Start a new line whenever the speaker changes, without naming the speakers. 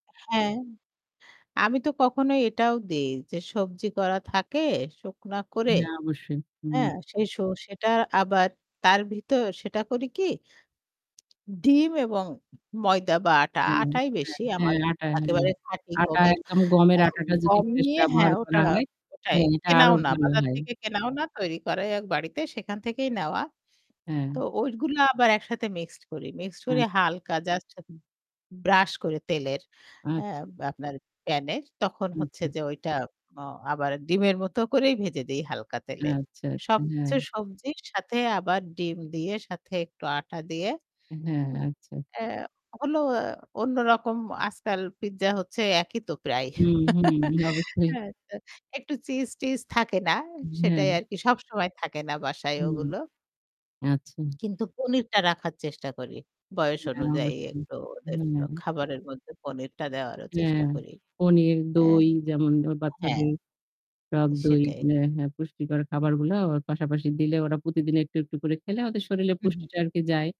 হ্যাঁ, আমি তো কখনো এটাও দেই যে সবজি করা থাকে শুখনো করে।
হ্যাঁ অবশ্যই।
হ্যাঁ,
হুম।
সেই শো সেটা আবার তার ভিতর সেটা করি কি ডিম এবং ময়দা বা আটা,
হ্যাঁ।
আটাই বেশি।
হ্যাঁ,
আমার
হ্যাঁ, আটা, হ্যাঁ।
একেবারে খাঁটি
আটা
গমের
একদম
আ
গমের আটাটা যদি
গম
ফ্রেশ
নিয়ে
ব্যবহার
হ্যাঁ ওটা
করা হয়,
ওটাই
হ্যাঁ এটা আরো
কেনাও না।
ভালো
বাজার
হয়।
থেকে কেনাও না তৈরি করা এক বাড়িতে সেখান থেকেই নেওয়া। তো
হ্যাঁ।
ঐগুলো আবার একসাথে মিক্সড করি। মিক্সড করি
আচ
হালকা জাস্ট ব্রাশ করে তেলের, হ্যাঁ?
আচ্ছা।
আপনার প্যান এর তখন হচ্ছে
আচ্ছা।
যে ওইটা অ আবার ডিমের মতো করেই ভেজে দেই হালকা তেলে।
আচ্ছা, আচ্ছা, হ্যাঁ।
সবকিছু সবজির সাথে আবার ডিম দিয়ে সাথে একটু আটা দিয়ে
হ্যাঁ,
হুম।
আচ্ছা।
আ হলো অন্যরকম আজকাল পিজ্জা হচ্ছে একই তো প্রায়।
হুম, হুম, অবশ্যই।
হ্যাঁ, তা, একটু চিজ-টিজ থাকে না?
হ্যাঁ।
সেটাই আর কি সবসময় থাকে না বাসায়
হুম।
ওগুলো।
আচ্ছা।
কিন্তু পনিরটা রাখার চেষ্টা করি। বয়স
হ্যাঁ,
অনুযায়ী
অবশ্যই।
একটু ওদের
[unintelligible]
খাবারের মধ্যে পনিরটা দেওয়ারও
হ্যাঁ।
চেষ্টা করি।
পনির,
অ্যা
দই যেমন ধরো
হ্যাঁ।
বাচ্চাদের টক দই,
সেটাই।
হ্যাঁ, হ্যাঁ, পুষ্টিকর খাবারগুলা আবার পাশাপাশি দিলে ওরা প্রতিদিন একটু-একটু করে খেলে ওদের শরীরে
হুম, হুম।
পুষ্টিটা আরকি যায়।